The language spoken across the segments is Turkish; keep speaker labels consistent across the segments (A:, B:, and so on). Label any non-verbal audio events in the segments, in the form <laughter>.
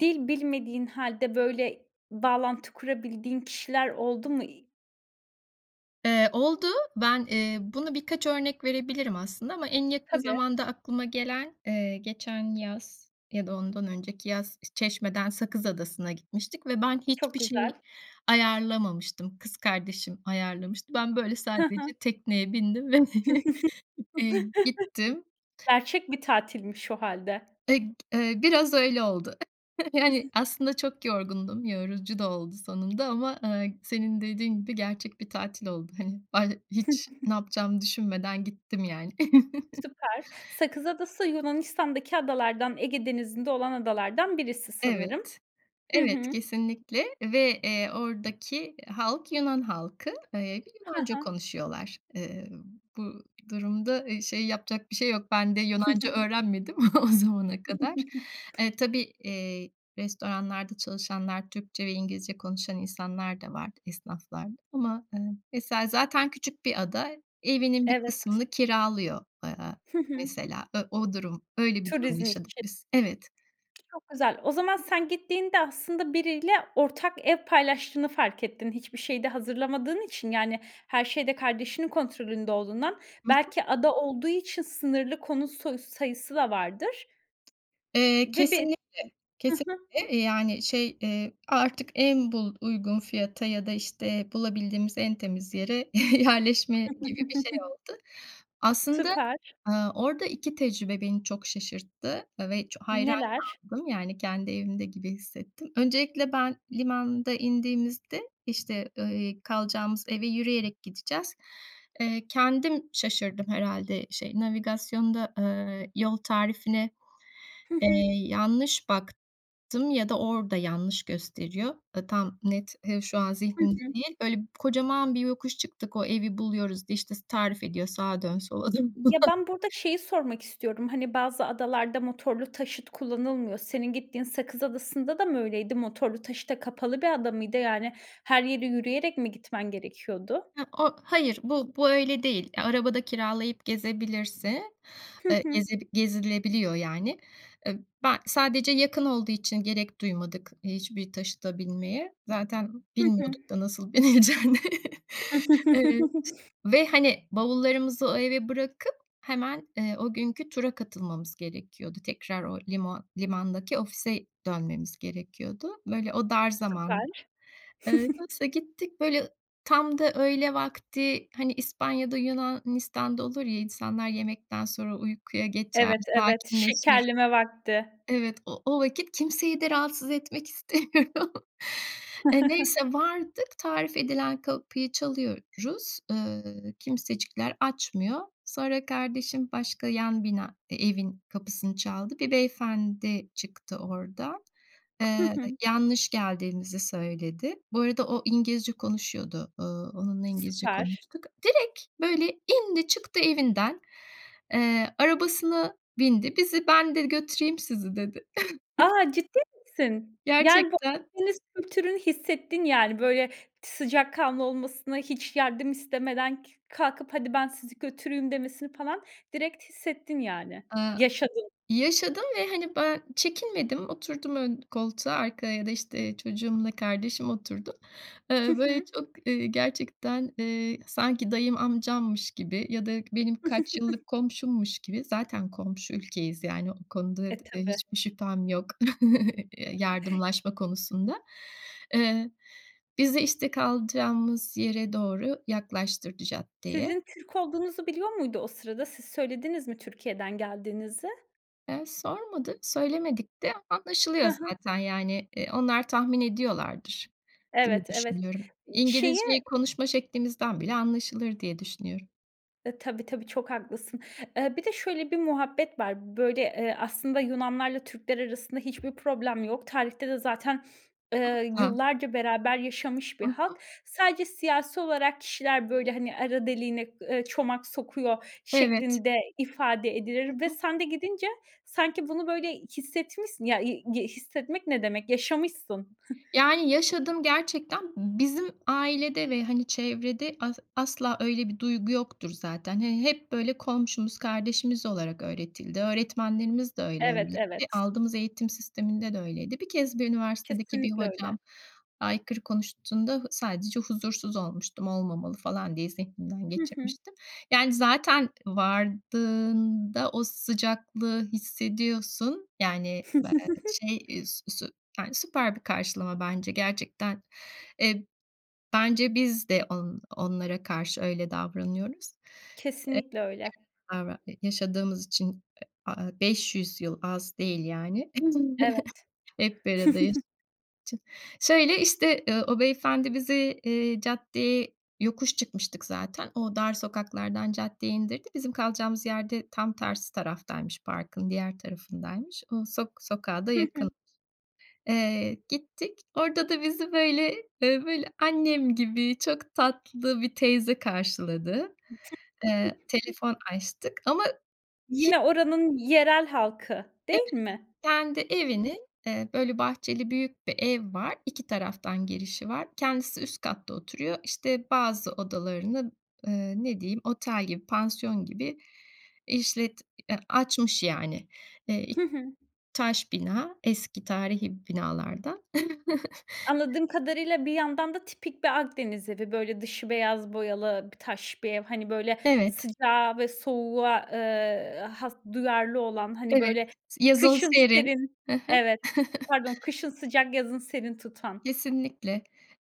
A: Dil bilmediğin hâlde, böyle, bağlantı kurabildiğin kişiler oldu mu?
B: Eee, oldu. Ben, eee, bunu birkaç örnek verebilirim aslında ama en yakın
A: Tabii.
B: zamanda aklıma gelen, eee, geçen yaz ya da ondan önceki yaz Çeşme’den Sakız Adası’na gitmiştik ve ben
A: Çok
B: hiçbir şey
A: güzel.
B: ayarlamamıştım. Kız kardeşim ayarlamıştı. Ben böyle
A: Hı hı.
B: sadece tekneye bindim ve, <chuckles>
A: <chuckles>
B: iii, gittim.
A: Gerçek bir tatilmiş o hâlde.
B: Eee, biraz öyle oldu. <chuckles>
A: <chuckles>
B: Aslında çok yorgundum. Yorucu da oldu sonunda ama, ııı, senin dediğin gibi gerçek bir tatil oldu. Hani, ben hiç ne
A: <chuckles>
B: yapacağımı düşünmeden gittim yani. <chuckles>
A: Süper. Sakız Adası Yunanistan'daki adalardan, Ege Denizi'nde olan adalardan birisi sanırım.
B: Evet,
A: Hı
B: evet,
A: hı.
B: kesinlikle ve, eee, oradaki halk Yunan halkı. Iıı, ve
A: Hı
B: Yunanca
A: hı.
B: konuşuyorlar. Imm, bu durumda, ııı, şey yapacak bir şey yok. Ben de Yunanca
A: <chuckles>
B: öğrenmedim <chuckles> o zamana kadar. Iıı,
A: <chuckles>
B: tabii, iii, restoranlarda çalışanlar Türkçe ve İngilizce konuşan insanlar da vardı, esnaflarda ama, ııı, mesela zaten küçük bir ada evinin bir
A: Evet.
B: kısmını kiralıyor, ııı,
A: Hı hı.
B: mesela. I o durum öyle bir durum
A: Turizm
B: yaşadık
A: için.
B: biz. Evet.
A: Çok güzel. O zaman sen gittiğinde, aslında, biriyle ortak ev paylaştığını fark ettin hiçbir şeyi de hazırlamadığın için. Yani, her şeyde kardeşinin kontrolünde olduğundan.
B: Hı hı.
A: Belki ada olduğu için sınırlı konut so sayısı da vardır.
B: Eee,
A: Ve bir
B: kesinlikle,
A: Hı hı.
B: kesinlikle, yani şey, eee, artık en bul uygun fiyata ya da işte bulabildiğimiz en temiz yere yerleşme gibi bir şey
A: <chuckles>
B: oldu. Aslında,
A: Süper.
B: ııı, orada 2 tecrübe beni çok şaşırttı ve ç hayran
A: Neler?
B: kaldım, yani kendi evimde gibi hissettim. Öncelikle ben limanda indiğimizde işte, iii, kalacağımız eve yürüyerek gideceğiz. Eee, kendim şaşırdım herhâlde şey, navigasyonda, ııı, yol tarifine,
A: Hı
B: eee,
A: hı.
B: yanlış baktım ya da orada yanlış gösteriyor. Iıı, tam net, hı şu an
A: Hı
B: zihnimde
A: hı.
B: değil. Böyle kocaman bir yokuş çıktık, o evi buluyoruz diye, işte, s tarif ediyor, sağa dön, sola dön, falan.
A: Ya, ben burada şeyi sormak istiyorum, hani, bazı adalarda motorlu taşıt kullanılmıyor, senin gittiğin Sakız Adası'nda da mı öyleydi, motorlu taşıta kapalı bir adamıydı, yani, her yere yürüyerek mi gitmen gerekiyordu?
B: Hıı, o hayır, bu bu öyle değil. Araba da kiralayıp gezebilirse,
A: Hı
B: eee,
A: hı.
B: gezeb gezilebiliyor, yani. I ben sadece yakın olduğu için gerek duymadık hiçbir taşıta binmeye. Zaten
A: Hı hı.
B: bilmiyorduk da nasıl binileceğini. Iıı,
A: <chuckles>
B: ve hani bavullarımızı o eve bırakıp hemen, eee, o günkü tura katılmamız gerekiyordu. Tekrar o limo limandaki ofise dönmemiz gerekiyordu. Böyle o dar
A: Süper.
B: zamandı. Iıı,
A: <chuckles>
B: neyse gittik, böyle, ı tam da öğle vakti, hani İspanya’da, Yunanistan’da olur ya, insanlar yemekten sonra uykuya geçer,
A: Evet, evet.
B: sakinleşir.
A: Şekerleme vakti.
B: Evet, o o vakit kimseyi de rahatsız etmek istemiyorum. Eee, neyse,
A: <chuckles>
B: vardık. Tarif edilen kapıyı çalıyoruz. Iıı, kimsecikler açmıyor. Sonra kardeşim başka yan bina e evin kapısını çaldı. Bir beyefendi çıktı oradan.
A: Hı
B: Iıı,
A: hı.
B: yanlış geldiğimizi söyledi. Bu arada o İngilizce konuşuyordu. Iıı, onunla İngilizce
A: Süper.
B: konuştuk. Direkt böyle indi, çıktı evinden, eee, arabasına bindi. Bizi, "Ben," dedi, "götüreyim sizi." dedi. <chuckles>
A: A, ciddi misin? Yani, bu
B: Gerçekten.
A: Akdeniz kültürünü hissettin, yani. Böyle t sıcakkanlı olmasını, hiç yardım istemeden kü kalkıp hadi ben sizi götüreyim demesini falan direkt hissettin, yani.
B: Iıı,
A: Yaşadın.
B: yaşadım ve hani ben çekinmedim, oturdum ön koltuğa, arkaya da, işte, çocuğumla kardeşim oturdu.
A: Hı
B: Iıı, böyle
A: hı.
B: çok, ııı, gerçekten, ııı, sanki dayım, amcammış gibi ya da benim kaç
A: <chuckles>
B: yıllık komşummuş gibi, zaten komşu ülkeyiz. Yani o konuda
A: E,
B: dad eee,
A: tabii.
B: hiçbir şüphem yok <chuckles> ya
A: <chuckles>
B: yardımlaşma konusunda. Iıı, bizi, işte, kalacağımız yere doğru yaklaştırdı caddeye.
A: Sizin Türk olduğunuzu biliyor muydu o sırada? Siz söylediniz mi Türkiye'den geldiğinizi?
B: Iıı, sormadı, söylemedik de
A: Hı
B: anlaşılıyor
A: hı.
B: zaten. Yani, eee, onlar tahmin ediyorlardır diye
A: Evet, evet.
B: düşünüyorum.
A: Iıı, şeyi
B: İngilizceyi konuşma şeklimizden bile anlaşılır diye düşünüyorum.
A: Eee, tabii, tabii çok haklısın. Iıı, bir de şöyle bir muhabbet var. Böyle, ııı, aslında Yunanlılarla Türkler arasında hiçbir problem yok. Tarihte de zaten, ııı,
B: <unintelligible>
A: yıllarca beraber yaşamış bir
B: Hı
A: halk.
B: hı.
A: Sadece siyasi olarak kişiler, böyle, hani, arı deliğine, eee, çomak sokuyor
B: Evet.
A: şeklinde ifade
B: Hı
A: edilir ve
B: hı.
A: sen de gidince sanki bunu böyle hissetmişsin, ya i gi hissetmek ne demek, yaşamışsın. <chuckles>
B: Yani, yaşadım gerçekten b bizim ailede ve hani çevrede as asla öyle bir duygu yoktur zaten. Hani, hep böyle komşumuz, kardeşimiz olarak öğretildi. Öğretmenlerimiz de öyle,
A: Evet,
B: hani, ve
A: evet.
B: aldığımız eğitim sisteminde de öyleydi. 1 kez, bir üniversitedeki bir
A: Kesinlikle öyle.
B: hocam aykırı konuştuğunda sadece huzursuz olmuştum, olmamalı falan diye zihnimden
A: Hı hı.
B: geçirmiştim. Yani, zaten vardığında o sıcaklığı hissediyorsun. Yani bel
A: <chuckles>
B: şey, eee, sü su yani, süper bir karşılama bence gerçekten. Eee, bence biz de on onlara karşı öyle davranıyoruz.
A: Kesinlikle öyle.
B: <unintelligible> yaşadığımız için, ı a 500 yıl az değil, yani.
A: Evet.
B: <chuckles> Hep bir arada.
A: <chuckles>
B: <unintelligible> Şöyle, işte, ııı, o beyefendi bizi, ııı, caddeye, yokuş çıkmıştık zaten. O dar sokaklardan caddeye indirdi. Bizim kalacağımız yer de tam tersi taraftaymış, parkın diğer tarafındaymış. O sok sokağa da
A: Hı
B: yakın.
A: hı.
B: Eee, gittik. Orada da bizi böyle, eee, böyle, annem gibi, çok tatlı bir teyze karşıladı. Iıı,
A: <chuckles>
B: telefon açtık ama hi
A: Yine oranın yerel halkı
B: Evet.
A: değil mi?
B: Kendi
A: <unintelligible>
B: evini, ııı, böyle, bahçeli, büyük bir ev var. 2 taraftan girişi var. Kendisi üst katta oturuyor. İşte, bazı odalarını, ııı, ne diyeyim, otel gibi, pansiyon gibi işlet ya, açmış yani. Iıı,
A: Hı hı.
B: taş bina, eski tarihi binalardan. <chuckles>
A: Anladığım kadarıyla, bir yandan da tipik bir Akdeniz evi, böyle, dışı beyaz boyalı bir taş bir ev, hani böyle
B: Evet.
A: sıcağa ve soğuğa, ııı, has duyarlı olan, hani,
B: Evet,
A: böyle,
B: yazın
A: kışın
B: serin.
A: serin,
B: Hı hı.
A: evet, pardon
B: <chuckles>
A: kışın sıcak yazın serin tutan.
B: Kesinlikle.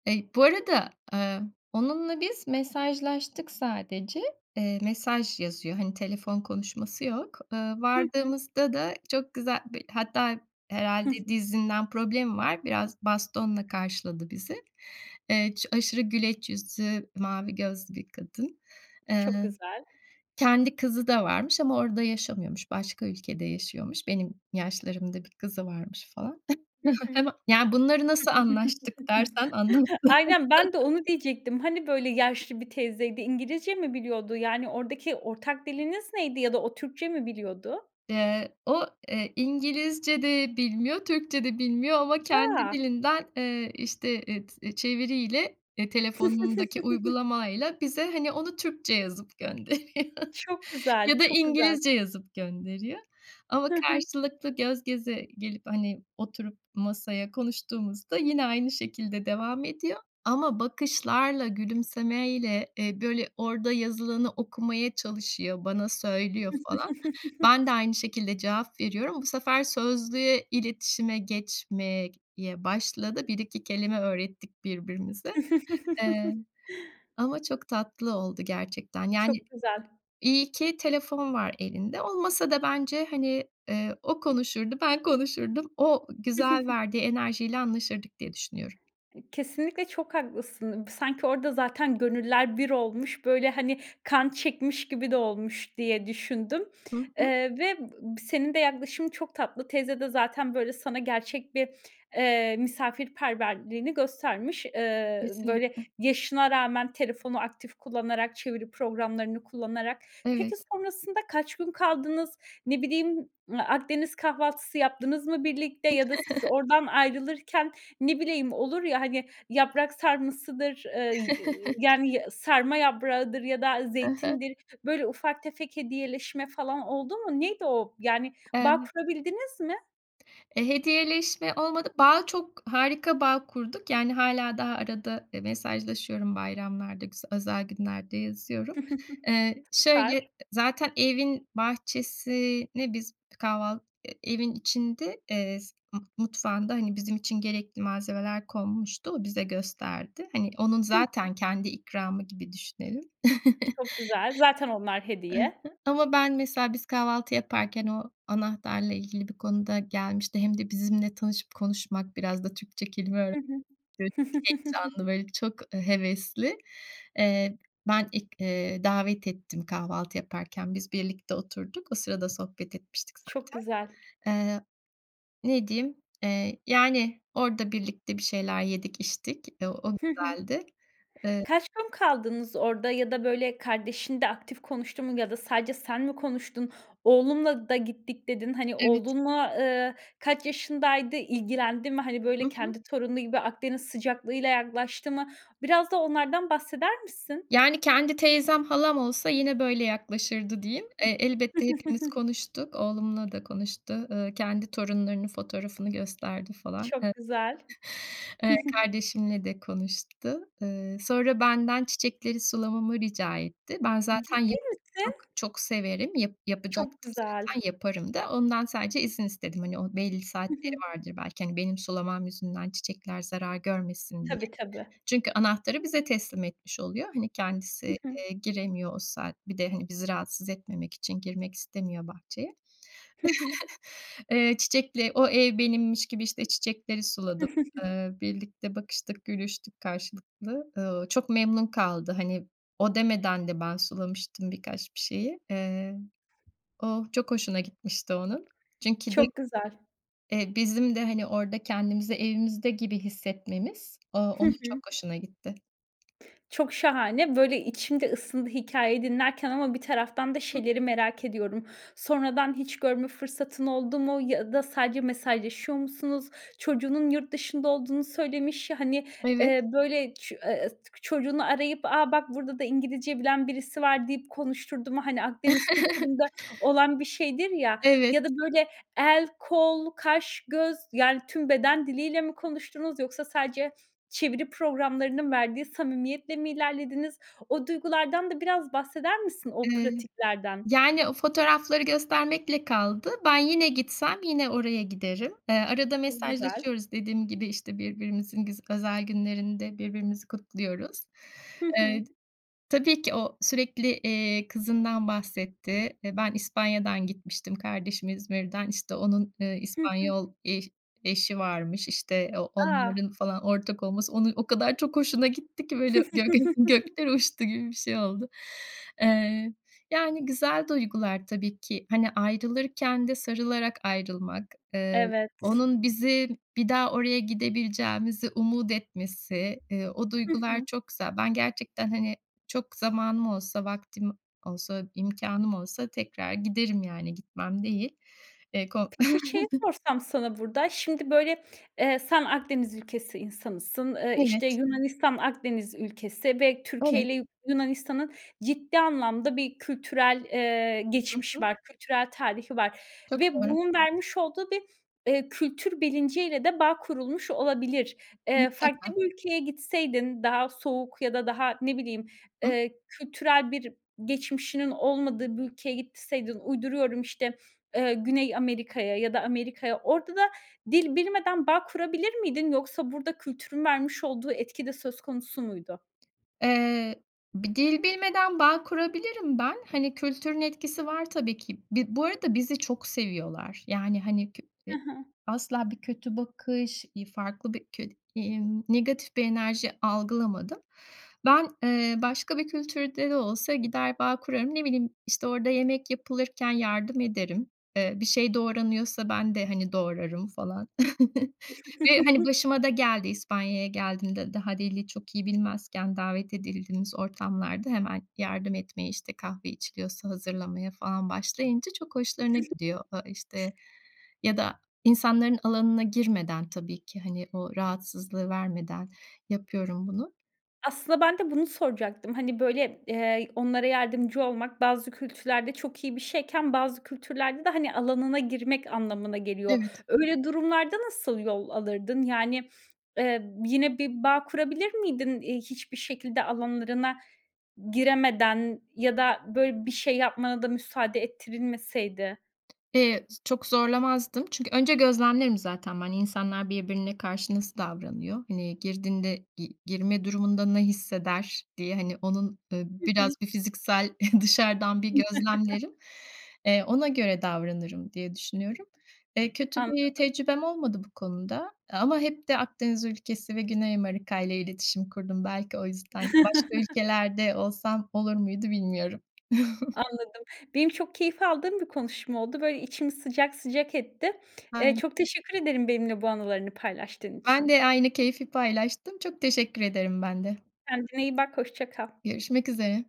B: Eee, bu arada, aaa, onunla biz mesajlaştık sadece, ııı, mesaj yazıyor. Hani telefon konuşması yok. Iıı,
A: Hı hı.
B: vardığımızda da çok güzel bir hatta,
A: Hı hı.
B: herhâlde dizinden problemi var. Biraz bastonla karşıladı bizi. Iıı, ço aşırı güleç yüzlü, mavi gözlü bir kadın.
A: Çok
B: Iıı,
A: güzel.
B: kendi kızı da varmış ama orada yaşamıyormuş. Başka ülkede yaşıyormuş. Benim yaşlarımda 1 kızı varmış falan,
A: Hı hı.
B: <chuckles> yani bunları nasıl anlaştık dersen
A: <chuckles> Aynen. Ben de
B: <unintelligible>
A: onu diyecektim. Hani böyle yaşlı bir teyzeydi? İngilizce mi biliyordu? Yani oradaki ortak diliniz neydi ya da o Türkçe mi biliyordu?
B: Iıı, o, ııı, İngilizce de bilmiyor, Türkçe de bilmiyor ama kendi
A: Ya!
B: dilinden, ııı, işte, ııı, t çeviriyle, ııı, telefonundaki
A: <chuckles>
B: uygulamayla bize, hani, onu Türkçe yazıp gönderiyor.
A: Çok güzel,
B: Ya da
A: çok güzel.
B: İngilizce yazıp gönderiyor ama
A: Hı hı.
B: karşılıklı, göz göze gelip, hani, oturup masaya konuştuğumuzda yine aynı şekilde devam ediyor ama bakışlarla, gülümsemeyle, eee, böyle orada yazılanı okumaya çalışıyor, bana söylüyor, falan. Ben de
A: <chuckles>
B: aynı şekilde cevap veriyorum. Bu sefer sözlüye, iletişime geçmek ye başladı. 1-2 kelime öğrettik birbirimize, ııı,
A: <chuckles>
B: ama çok tatlı oldu gerçekten. Yani,
A: Çok güzel.
B: iyi ki telefon var elinde, olmasa da bence, hani, ııı, o konuşurdu. Ben konuşurdum. O güzel
A: <chuckles>
B: verdiği enerjiyle anlaşırdık diye düşünüyorum.
A: Kesinlikle çok haklısın. Sanki, orada, zaten, gönüller bir olmuş, böyle, hani, kan çekmiş gibi de olmuş diye düşündüm.
B: Hı hı.
A: Iıı, ve, ııı, senin de yaklaşımın çok tatlı. Teyze de zaten, böyle, sana gerçek bir, ııı, misafirperverliğini göstermiş. Iıı, böyle,
B: Kesinlikle.
A: yaşına rağmen telefonu aktif kullanarak, çeviri programlarını kullanarak. Peki
B: Evet.
A: sonrasında kaç gün kaldınız? Ne bileyim, eee, Akdeniz kahvaltısı yaptınız mı birlikte ya da siz
B: <chuckles>
A: oradan ayrılırken, ne bileyim, olur ya, hani, yaprak sarmasıdır, ııı, y yani
B: <chuckles>
A: ya sarma yaprağıdır ya da
B: Hı hı.
A: zeytindir, böyle ufak tefek hediyeleşme falan oldu mu? Neydi o? Yani
B: Eee,
A: bağ
B: ne
A: kurabildiniz mi?
B: Eee, hediyeleşme olmadı. Bağ, çok harika bağ kurduk. Yani hâlâ daha arada, eee, mesajlaşıyorum. Bayramlarda, güz özel günlerde yazıyorum.
A: <chuckles>
B: Eee,
A: Süper!
B: şöyle zaten evin bahçesini biz kahval e evin içinde, eee, s mu mutfağında, hani bizim için gerekli malzemeler konmuştu, o bize gösterdi. Hani onun
A: Hı hı.
B: zaten kendi ikramı gibi düşünelim. <chuckles>
A: Çok güzel. Zaten onlar
B: I
A: hediye.
B: hı. Ama ben mesela biz kahvaltı yaparken o anahtarla ilgili bir konuda gelmişti hem de bizimle tanışıp konuşmak biraz da Türkçe kelime
A: Hı hı.
B: <unintelligible> heyecanlı,
A: <chuckles>
B: böyle, çok, eee, hevesli. Eee, ben ilk, eee, davet ettim, kahvaltı yaparken biz birlikte oturduk. O sırada sohbet etmiştik
A: Çok güzel.
B: zaten. Eee, ne diyeyim, eee, yani orada birlikte bir şeyler yedik, içtik, o o
A: Hı hı.
B: güzeldi. Eee
A: Kaç gün kaldınız orada ya da böyle kardeşin de aktif konuştu mu ya da sadece sen mi konuştun? "Oğlumla da gittik." dedin. Hani,
B: Evet.
A: oğlunla, eee, kaç yaşındaydı? İlgilendi mi? Hani böyle
B: Hı hı.
A: kendi torunu gibi Akdeniz sıcaklığıyla yaklaştı mı? Biraz da onlardan bahseder misin?
B: Yani kendi teyzem, halam olsa yine böyle yaklaşırdı diyeyim, eee, elbette hepimiz
A: <chuckles>
B: konuştuk, oğlumla da konuştu, ııı, kendi torunlarının fotoğrafını gösterdi falan.
A: Çok
B: E
A: güzel.
B: Eee,
A: <chuckles>
B: kardeşimle de konuştu. Eee, sonra benden çiçekleri sulamamı rica etti. Ben zaten
A: Ciddi
B: ya çok
A: misin?
B: çok severim, yap
A: Çok
B: yapacaktım
A: güzel.
B: zaten, yaparım da, ondan sadece izin istedim. Hani o belli
A: Hı
B: saatleri
A: hı.
B: vardır belki, hani benim sulamam yüzünden çiçekler zarar görmesin diye.
A: Tabii, tabii.
B: Çünkü anahtarı bize teslim etmiş oluyor, hani kendisi,
A: Hı hı.
B: eee, giremiyor o saat bir de hani bizi rahatsız etmemek için girmek istemiyor bahçeye.
A: Hı hı.
B: <chuckles> Eee, çiçekle o ev benimmiş gibi, işte, çiçekleri suladım.
A: <chuckles>
B: Eee, birlikte bakıştık, gülüştük karşılıklı. Eee, çok memnun kaldı. Hani o demeden de ben sulamıştım bir kaç bir şeyi. Eee, o çok hoşuna gitmişti onun. Çünkü de
A: Çok güzel.
B: eee, bizim de, hani, orada kendimizi evimizde gibi hissetmemiz o
A: Hı
B: onun çok
A: hı.
B: hoşuna gitti.
A: Çok şahane. Böyle içim de ısındı hikâyeyi dinlerken ama bir taraftan da
B: <unintelligible>
A: şeyleri merak ediyorum. Sonradan hiç görme fırsatın oldu mu ya da sadece mesajlaşıyor musunuz? Çocuğunun yurt dışında olduğunu söylemiş ya, hani,
B: Evet.
A: eee, böyle ç eee, çocuğunu arayıp, "A, bak burada da İngilizce bilen birisi var." deyip konuşturdu mu? Hani Akdeniz
B: <chuckles>
A: kültüründe olan bir şeydir ya,
B: Evet.
A: ya da böyle el, kol, kaş, göz, yani tüm beden diliyle mi konuştunuz yoksa sadece çeviri programlarının verdiği samimiyetle mi ilerlediniz? O duygulardan da biraz bahseder misin, o
B: Iıı,
A: pratiklerden?
B: yani o fotoğrafları göstermekle kaldı. Ben yine gitsem yine oraya giderim. Eee, arada
A: Çok güzel.
B: mesajlaşıyoruz. Dediğim gibi işte birbirimizin güz özel günlerinde birbirimizi kutluyoruz.
A: Hı hı.
B: Eee, t tabii ki o sürekli, eee, kızından bahsetti. Eee, ben İspanya’dan gitmiştim, kardeşim İzmir’den. İşte onun, eee,
A: Hı hı.
B: İspanyol eş eşi varmış, işte, o
A: A!
B: onların falan ortak olması onun o kadar çok hoşuna gitti ki böyle gök <unintelligible>
A: <chuckles>
B: göklere uçtu gibi bir şey oldu. Eee, yani güzel duygular tabii ki. Hani ayrılırken de sarılarak ayrılmak, eee,
A: Evet.
B: onun bizi bir daha oraya gidebileceğimizi umut etmesi, eee, o
A: Hı
B: duygular
A: hı.
B: çok güzel. Ben gerçekten, hani, çok zamanım olsa, vaktim olsa, imkânım olsa tekrar giderim, yani gitmem değil. Eee, ko
A: Peki, şeyi
B: <chuckles>
A: sorsam sana burada. Şimdi böyle, eee, sen Akdeniz ülkesi insanısın, eee, işte,
B: Evet.
A: Yunanistan Akdeniz ülkesi ve
B: Evet.
A: Türkiye’yle Yu Yunanistan’ın ciddi anlamda bir kültürel, eee,
B: Hı
A: geçmişi
B: hı.
A: var, kültürel tarihi var
B: Çok
A: ve
B: doğru.
A: bunun vermiş olduğu bir, eee, kültür bilinciyle de bağ kurulmuş olabilir. Eee,
B: Mutlaka.
A: farklı bir ülkeye gitseydin, daha soğuk ya da daha, ne bileyim,
B: Hıh.
A: eee, kültürel bir geçmişinin olmadığı bir ülkeye gitseydin, uyduruyorum, işte, eee, Güney Amerika’ya ya da Amerika’ya. Orada da dil bilmeden bağ kurabilir miydin yoksa burada kültürün vermiş olduğu etki de söz konusu muydu?
B: Eee, bir dil bilmeden bağ kurabilirim ben. Hani kültürün etkisi var tabii ki. Bi bu arada bizi çok seviyorlar. Yani, hani, kö
A: Hı
B: i
A: hı.
B: asla bir kötü bakış, iii, farklı bir kö iii, negatif bir enerji algılamadım. Ben, eee, başka bir kültürde de olsa gider bağ kurarım. Ne bileyim, işte, orada yemek yapılırken yardım ederim. Eee, bir şey doğranıyorsa ben de, hani, doğrarım falan <chuckles> ve, hani,
A: <chuckles>
B: başıma da geldi. İspanya’ya geldiğimde daha dili çok iyi bilmezken davet edildiğimiz ortamlarda hemen yardım etmeye, işte kahve içiliyorsa hazırlamaya falan başlayınca çok hoşlarına gidiyor. A işte,
A: <chuckles>
B: ya da insanların alanına girmeden tabii ki, hani, o rahatsızlığı vermeden yapıyorum bunu.
A: Aslında ben de bunu soracaktım. Hani, böyle, eee, onlara yardımcı olmak bazı kültürlerde çok iyi bir şeyken bazı kültürlerde de, hani, alanına girmek anlamına geliyor.
B: Evet.
A: Öyle durumlarda nasıl yol alırdın? Yani, eee, yine bir bağ kurabilir miydin, iii, hiçbir şekilde alanlarına giremeden ya da böyle bir şey yapmana da müsaade ettirilmeseydi?
B: Eee, s çok zorlamazdım. Çünkü önce gözlemlerim zaten ben. İnsanlar birbirine karşı nasıl davranıyor? Hani, girdiğinde, gi girme durumunda ne hisseder diye, hani onun, ııı,
A: Hı
B: biraz
A: hı.
B: bir fiziksel <scoffs> dışarıdan bir
A: <chuckles>
B: gözlemlerim, eee, ona göre davranırım diye düşünüyorum. Eee, kötü bir
A: Anladım.
B: tecrübem olmadı bu konuda ama hep de Akdeniz ülkesi ve Güney Amerika’yla iletişim kurdum. Belki, o yüzden başka
A: <chuckles>
B: ülkelerde olsam olur muydu bilmiyorum. <chuckles>
A: Anladım. Benim çok keyif aldığım bir konuşma oldu. Böyle, içimi sıcak, sıcak etti. Eee,
B: <unintelligible>
A: çok teşekkür ederim benimle bu anılarını paylaştığın
B: Ben
A: için.
B: de aynı keyfi paylaştım. Çok teşekkür ederim ben de.
A: Kendine iyi bak, hoşça kal.
B: Görüşmek üzere.